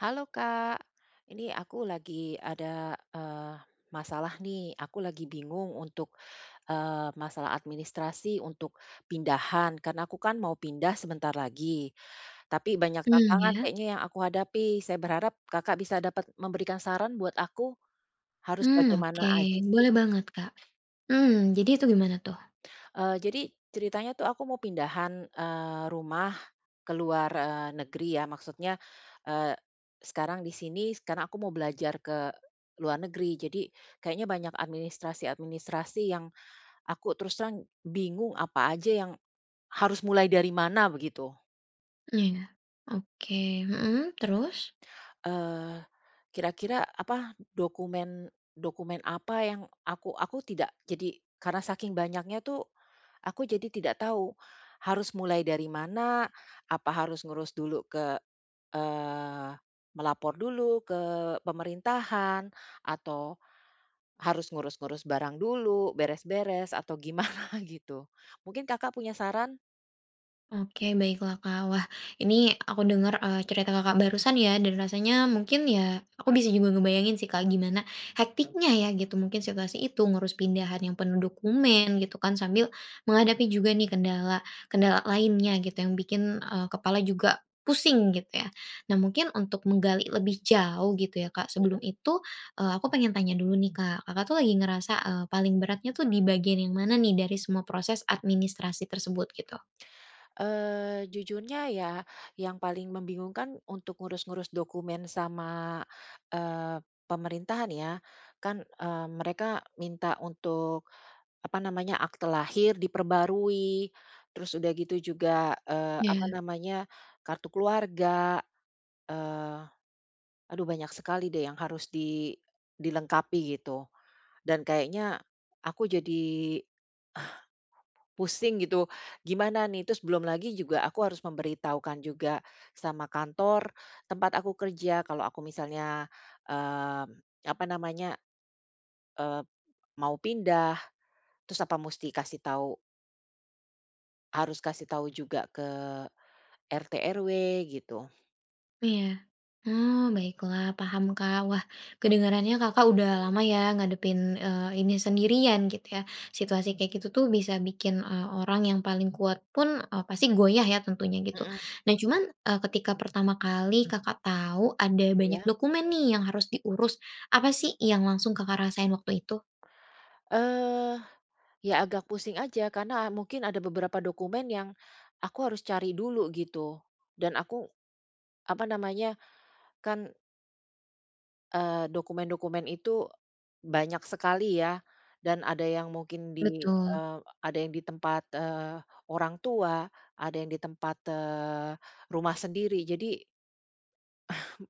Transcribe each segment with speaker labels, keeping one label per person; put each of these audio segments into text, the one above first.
Speaker 1: Halo, Kak, ini aku lagi ada, eee, masalah, nih. Aku lagi bingung untuk, eee, masalah administrasi untuk pindahan, karena aku kan mau pindah sebentar lagi, tapi banyak
Speaker 2: Mmm,
Speaker 1: tantangan
Speaker 2: ya.
Speaker 1: kayaknya yang aku hadapi, saya berharap Kakak bisa dapat memberikan saran buat aku harus
Speaker 2: Mmm,
Speaker 1: bagaimana
Speaker 2: oke,
Speaker 1: aja, sih?
Speaker 2: boleh banget, Kak. Mmm, jadi itu gimana, tuh?
Speaker 1: Eee, jadi ceritanya tuh, aku mau pindahan, eee, rumah ke luar, eee, negeri ya, maksudnya, eee, sekarang di sini, sekarang aku mau belajar ke luar negeri, jadi kayaknya banyak administrasi-administrasi yang aku terus terang bingung apa aja yang harus mulai dari mana, begitu.
Speaker 2: Mmm, iya, oke, mhm terus?
Speaker 1: Eee, kira-kira, apa, dokumen-dokumen apa yang aku aku tidak jadi karena saking banyaknya tuh aku jadi tidak tahu harus mulai dari mana, apa harus ngurus dulu ke, eee, melapor dulu ke pemerintahan, atau harus ngurus-ngurus barang dulu, beres-beres atau gimana, gitu? Mungkin Kakak punya saran?
Speaker 2: Oke, baiklah, Kak. Wah, ini aku denger, eee, cerita Kakak barusan ya, dan rasanya mungkin ya, aku bisa juga ngebayangin sih, Kak, gimana hektiknya ya, gitu, mungkin situasi itu ngurus pindahan yang penuh dokumen, gitu, kan, sambil menghadapi juga nih, kendala-kendala lainnya, gitu, yang bikin, eee, kepala juga pusing, gitu, ya. Nah, mungkin untuk menggali lebih jauh, gitu, ya, Kak, sebelum
Speaker 1: Mhm.
Speaker 2: itu, eee, aku pengen tanya dulu nih, Kak. Kakak tuh lagi ngerasa, eee, paling beratnya tuh di bagian yang mana nih, dari semua proses administrasi tersebut, gitu?
Speaker 1: Eee, jujurnya ya, yang paling membingungkan untuk ngurus-ngurus dokumen sama, eee, pemerintahan, ya. Kan, eee, mereka minta untuk, apa namanya, akta lahir diperbarui, terus udah gitu juga, eee, apa
Speaker 2: Ya.
Speaker 1: namanya, kartu keluarga, eee, aduh banyak sekali deh yang harus di dilengkapi, gitu. Dan kayaknya aku jadi, eh, pusing, gitu, gimana, nih? Terus belum lagi juga aku harus memberitahukan juga sama kantor tempat aku kerja kalau aku misalnya, eee, apa namanya, eee, mau pindah, terus, apa musti kasih tau harus kasih tau juga ke RT, RW, gitu.
Speaker 2: Iya, oh, baiklah, paham, Kak. Wah, kedengarannya Kakak udah lama ya, ngadepin, eee, ini sendirian, gitu, ya. Situasi kayak gitu tuh, bisa bikin, eee, orang yang paling kuat pun, eee, pasti goyah ya, tentunya, gitu.
Speaker 1: Mhm.
Speaker 2: Nah, cuman, eee, ketika pertama kali Kakak tahu ada banyak
Speaker 1: Iya.
Speaker 2: dokumen nih yang harus diurus, apa sih yang langsung Kakak rasain waktu itu?
Speaker 1: Eee, ya, agak pusing aja, karena mungkin ada beberapa dokumen yang aku harus cari dulu, gitu, dan aku, apa namanya, kan eee, dokumen-dokumen itu banyak sekali ya, dan ada yang mungkin di,
Speaker 2: Betul.
Speaker 1: eee, ada yang di tempat, eee, orang tua, ada yang di tempat, eee, rumah sendiri, jadi Hmm.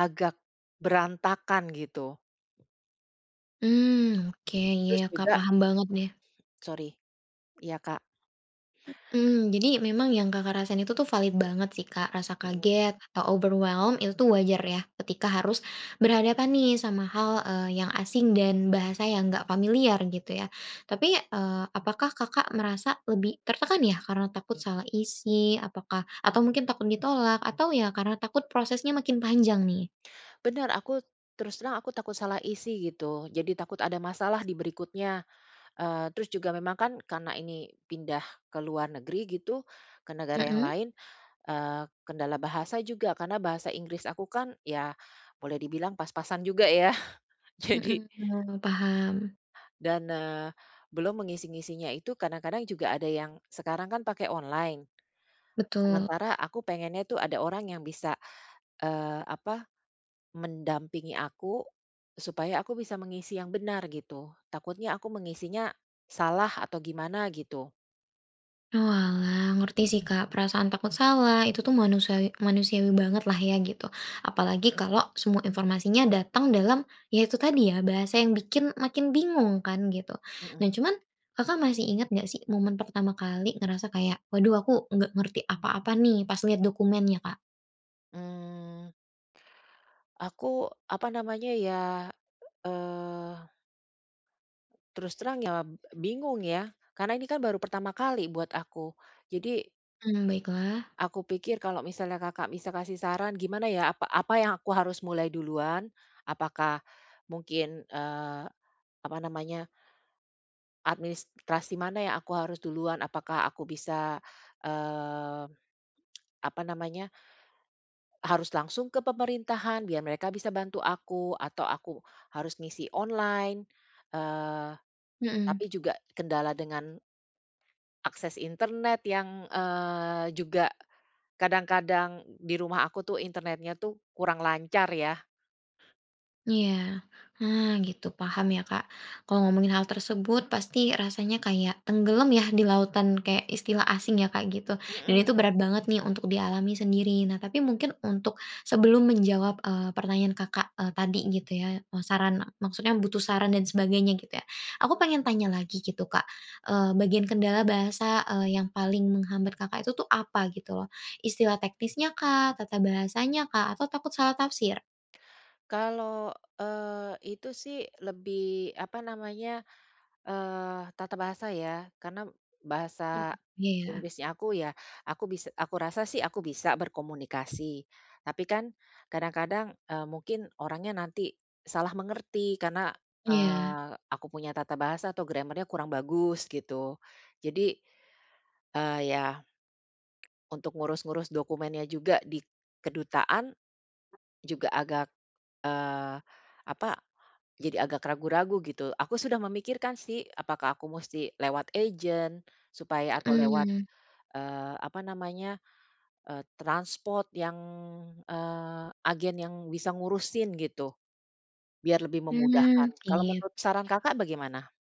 Speaker 1: Agak berantakan, gitu.
Speaker 2: Mmm, oke, iya,
Speaker 1: Terus
Speaker 2: Kak,
Speaker 1: juga
Speaker 2: paham banget, deh.
Speaker 1: sori. Iya, Kak.
Speaker 2: Mhm, jadi memang yang Kakak rasain itu tuh valid banget sih, Kak. Rasa
Speaker 1: Mhm.
Speaker 2: kaget atau overwhelmed, itu tuh wajar ya, ketika harus berhadapan nih sama hal, eee, yang asing dan bahasa yang enggak familiar, gitu, ya. Tapi, eee, apakah Kakak merasa lebih tertekan ya, karena takut salah isi, apakah atau mungkin takut ditolak, atau ya karena takut prosesnya makin panjang, nih?
Speaker 1: Benar, aku terus terang aku takut salah isi, gitu. Jadi takut ada masalah di berikutnya, eee, terus juga memang kan karena ini pindah ke luar negeri, gitu, ke negara yang
Speaker 2: Mhm.
Speaker 1: lain, eee, kendala bahasa juga karena bahasa Inggris aku kan, ya, boleh dibilang pas-pasan juga ya, jadi
Speaker 2: Mhm, mmm, paham.
Speaker 1: Dan, eee, belum mengisi-ngisinya itu, kadang-kadang juga ada yang sekarang kan pake online,
Speaker 2: Betul.
Speaker 1: sementara aku pengennya tuh ada orang yang bisa, eee, apa, mendampingi aku supaya aku bisa mengisi yang benar, gitu. Takutnya aku mengisinya salah atau gimana, gitu.
Speaker 2: Oalah, ngerti sih, Kak, perasaan takut salah itu tuh manusa manusiawi banget, lah, ya, gitu, apalagi kalau semua informasinya datang dalam, ya, itu tadi ya, bahasa yang bikin makin bingung kan, gitu.
Speaker 1: Mhm.
Speaker 2: Nah, cuman Kakak masih inget nggak sih momen pertama kali ngerasa kayak, "Waduh, aku nggak ngerti apa-apa, nih", pas liat dokumennya, Kak?
Speaker 1: Mmm. Aku, apa namanya, ya, eee. Terus terang ya, b bingung ya, karena ini kan baru pertama kali buat aku, jadi
Speaker 2: Hmm, baiklah.
Speaker 1: aku pikir kalau misalnya Kakak bisa kasih saran gimana ya, apa apa yang aku harus mulai duluan? Apakah mungkin, eee, apa namanya administrasi mana yang aku harus duluan? Apakah aku bisa, eee, apa namanya harus langsung ke pemerintahan biar mereka bisa bantu aku, atau aku harus ngisi online? Eee,
Speaker 2: Mhm.
Speaker 1: tapi juga kendala dengan akses internet yang, eee, juga kadang-kadang d di rumah aku tuh internetnya tuh kurang lancar, ya.
Speaker 2: Iya, ah, gitu, paham, ya, Kak. Kalau ngomongin hal tersebut, pasti rasanya kayak tenggelam ya, di lautan, kayak istilah asing ya, Kak, gitu. Dan itu
Speaker 1: Mhm.
Speaker 2: berat banget nih untuk dialami sendiri. Nah, tapi mungkin untuk sebelum menjawab, eee, pertanyaan Kakak, eee, tadi, gitu ya, eee, saran, maksudnya butuh saran dan sebagainya, gitu ya, aku pengen tanya lagi, gitu, Kak, eee, bagian kendala bahasa, eee, yang paling menghambat Kakak itu tuh, apa, gitu, loh? Istilah teknisnya kah, tata bahasanya kah, atau takut salah tafsir?
Speaker 1: Kalau, eee, itu sih lebih, apa namanya, eee, tata bahasa ya, karena
Speaker 2: Oh,
Speaker 1: bahasa
Speaker 2: iya, ya.
Speaker 1: Inggrisnya aku, ya aku bis aku rasa sih aku bisa berkomunikasi, tapi kan kadang-kadang, eee, mungkin orangnya nanti salah mengerti karena,
Speaker 2: Iya.
Speaker 1: eee, aku punya tata bahasa atau grammar-nya kurang bagus, gitu, jadi, eee, ya, untuk ngurus-ngurus dokumennya juga di kedutaan juga agak, eee, apa, jadi agak ragu-ragu, gitu. Aku sudah memikirkan sih, apakah aku mesti lewat agen supaya atau lewat,
Speaker 2: Mhm.
Speaker 1: eee, apa namanya, eee, transpor yang, eee, agen yang bisa ngurusin, gitu, biar lebih
Speaker 2: Hmm,
Speaker 1: memudahkan, kalau
Speaker 2: iya.
Speaker 1: menurut saran Kakak bagaimana?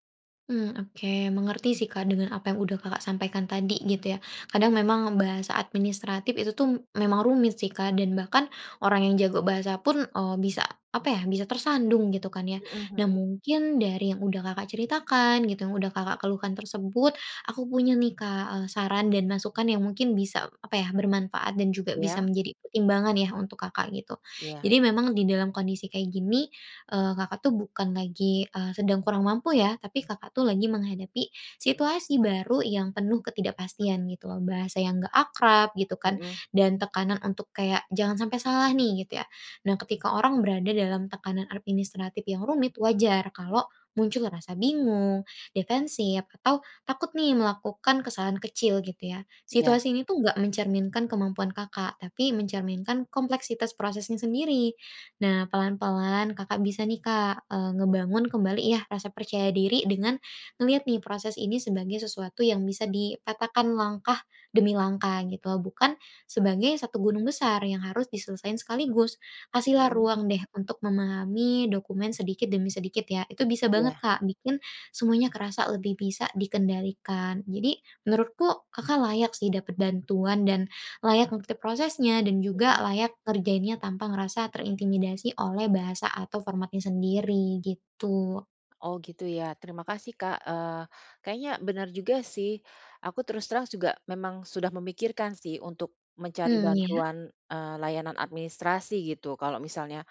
Speaker 2: Mmm oke mengerti sih Kak dengan apa yang udah Kakak sampaikan tadi gitu ya. Kadang memang bahasa administratif itu tuh memang rumit sih Kak, dan bahkan orang yang jago bahasa pun, eee, bisa apa ya? Bisa tersandung gitu kan ya.
Speaker 1: Heeh
Speaker 2: Nah
Speaker 1: heeh.
Speaker 2: mungkin dari yang udah Kakak ceritakan, gitu yang udah Kakak keluhkan tersebut aku punya nih Kak, eee, saran dan masukan yang mungkin bisa apa ya? Bermanfaat dan juga bisa
Speaker 1: Iya.
Speaker 2: menjadi pertimbangan ya untuk Kakak gitu.
Speaker 1: Iya.
Speaker 2: Jadi memang di dalam kondisi kayak gini, eee, Kakak tuh bukan lagi, eee, sedang kurang mampu ya tapi, Kakak tuh lagi menghadapi situasi baru yang penuh ketidakpastian gitu loh. Bahasa yang nggak akrab, gitu kan,
Speaker 1: Heeh.
Speaker 2: dan tekanan untuk kayak jangan sampe salah nih, gitu ya. Nah ketika orang berada dalam tekanan administratif yang rumit, wajar kalo muncul rasa bingung, defensif, atau takut nih melakukan kesalahan kecil gitu ya.
Speaker 1: Iya.
Speaker 2: Situasi ini tuh nggak mencerminkan kemampuan Kakak, tapi mencerminkan kompleksitas prosesnya sendiri. Nah pelan-pelan, Kakak bisa nih Kak, eee, ngebangun kembali ya rasa percaya diri dengan ngeliat nih proses ini sebagai sesuatu yang bisa dipatahkan langkah demi langkah gitu loh, bukan sebagai satu gunung besar yang harus diselesaiin sekaligus. Kasih lah
Speaker 1: Heeh.
Speaker 2: ruang deh untuk memahami dokumen sedikit demi sedikit ya. Itu bisa banget
Speaker 1: Iya.
Speaker 2: Kak bikin semuanya kerasa lebih bisa dikendalikan. Jadi menurutku, Kakak layak sih dapat bantuan dan layak ngerti prosesnya dan juga
Speaker 1: Heeh.
Speaker 2: layak ngerjainnya tanpa ngerasa terintimidasi oleh bahasa atau formatnya sendiri, gitu.
Speaker 1: Oh gitu ya? Terima kasih Kak. Eee, kayaknya bener juga sih. Aku terus terang juga memang sudah memikirkan sih untuk mencari
Speaker 2: Mmm, ya.
Speaker 1: bantuan, eee, layanan administrasi gitu kalo misalnya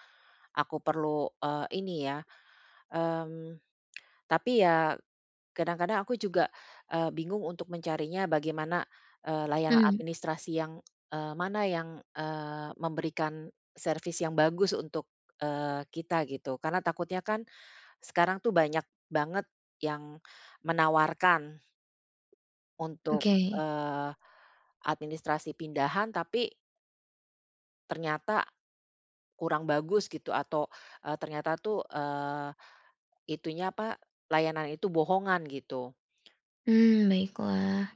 Speaker 1: aku perlu, eee, ini ya, mmm, tapi ya kadang-kadang aku juga, eee, bingung untuk mencarinya bagaimana, eee, layanan
Speaker 2: Mmm.
Speaker 1: administrasi yang eee, mana yang, eee, memberikan service yang bagus untuk, eee, kita gitu. Karena takutnya kan sekarang tuh banyak banget yang menawarkan untuk,
Speaker 2: Oke.
Speaker 1: eee, administrasi pindahan tapi ternyata, kurang bagus gitu atau, eee, ternyata tuh, eee, itunya, apa? Layanan itu bohongan gitu.
Speaker 2: Mmm, baiklah.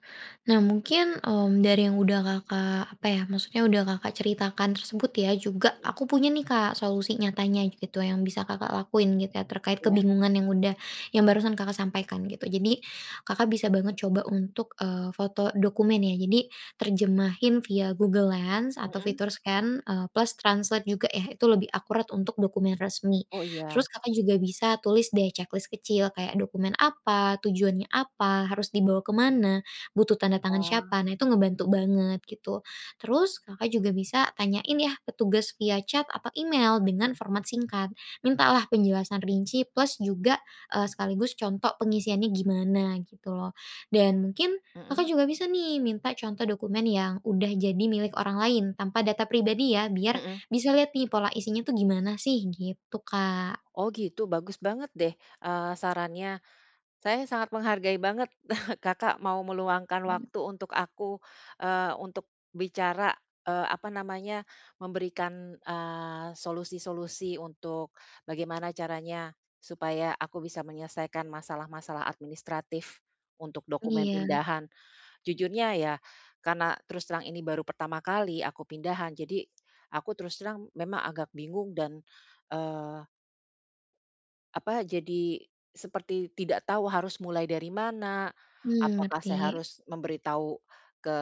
Speaker 2: Nah mungkin, mmm, dari yang udah Kakak, apa ya maksudnya udah Kakak ceritakan tersebut ya juga
Speaker 1: Mhm.
Speaker 2: aku punya nih Kak solusi nyatanya gitu yang bisa Kakak lakuin gitu ya terkait
Speaker 1: Iya.
Speaker 2: kebingungan yang udah yang barusan Kakak sampaikan gitu. Jadi, Kakak bisa banget coba untuk, eee, foto dokumen ya. Jadi terjemahin via Google Lens atau
Speaker 1: Heeh.
Speaker 2: fitur scan, eee, plus translate juga ya, itu lebih akurat untuk dokumen resmi.
Speaker 1: Oh, iya.
Speaker 2: Terus Kakak juga bisa tulis deh checklist kecil kayak dokumen apa? Tujuannya apa? Harus dibawa kemana? Butuh tanda tangan
Speaker 1: Oh.
Speaker 2: siapa? Nah itu ngebantu banget gitu. Terus, Kakak juga bisa tanyain ya petugas via chat atau email dengan format singkat. Mintalah penjelasan rinci plus juga, eee, sekaligus contoh pengisiannya gimana gitu loh. Dan mungkin Kakak
Speaker 1: Heeh.
Speaker 2: juga bisa nih minta contoh dokumen yang udah jadi milik orang lain, tanpa data pribadi ya biar
Speaker 1: Heeh.
Speaker 2: bisa liat nih pola isinya tuh gimana sih, gitu Kak.
Speaker 1: Oh gitu, bagus banget deh, eee, sarannya. Saya sangat menghargai banget, Kakak, mau meluangkan
Speaker 2: [unintelligible]
Speaker 1: waktu untuk aku, eee, untuk bicara, eee, apa namanya memberikan, eee, solusi-solusi untuk bagaimana caranya supaya aku bisa menyelesaikan masalah-masalah administratif untuk dokumen
Speaker 2: Iya.
Speaker 1: pindahan. Jujurnya ya, karena terus terang ini baru pertama kali aku pindahan, jadi aku terus terang memang agak bingung dan, eee apa, jadi seperti tidak tahu harus mulai dari mana?
Speaker 2: Mmm,
Speaker 1: Apakah saya
Speaker 2: ngerti.
Speaker 1: harus memberi tahu ke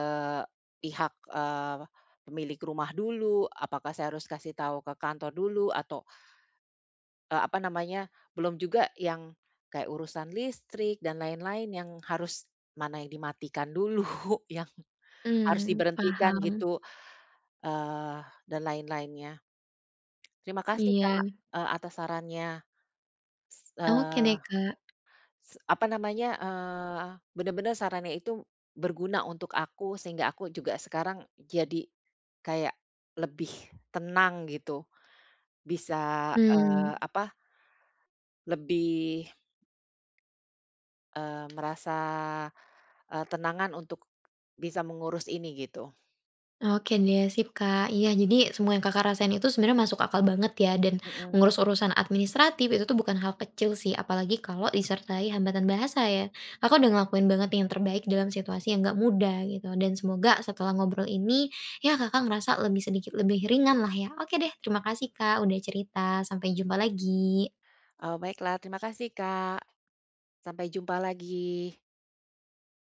Speaker 1: pihak, eee, pemilik rumah dulu? Apakah saya harus kasih tahu ke kantor dulu? Atau, eee, apa namanya belum juga yang kayak urusan listrik dan lain-lain yang harus mana yang dimatikan dulu, yang harus
Speaker 2: Mmm,
Speaker 1: diberhentikan
Speaker 2: paham.
Speaker 1: gitu, eee, dan lain-lainnya. Terima kasih Kak,
Speaker 2: Iya.
Speaker 1: eee, atas sarannya.
Speaker 2: Oke deh,
Speaker 1: Eee,
Speaker 2: Kak.
Speaker 1: s apa namanya? Eee, bener-bener sarannya itu berguna untuk aku sehingga aku juga sekarang jadi kayak lebih tenang gitu. Bisa,
Speaker 2: Mmm.
Speaker 1: eee, apa? Lebih eee, merasa, eee, tenangan untuk bisa mengurus ini gitu.
Speaker 2: Oke deh sip Kak. Iya jadi semua yang Kakak rasain itu sebenarnya masuk akal banget ya dan
Speaker 1: Heeh.
Speaker 2: mengurus urusan administratif itu tuh bukan hal kecil sih apalagi kalo disertai hambatan bahasa ya. Kakak udah ngelakuin banget yang terbaik dalam situasi yang enggak mudah gitu, dan semoga setelah ngobrol ini, ya Kakak ngerasa lebih sedikit lebih ringan lah ya. Oke deh terima kasih Kak udah cerita, sampai jumpa lagi.
Speaker 1: Oh, baiklah terima kasih, Kak. Sampai jumpa lagi.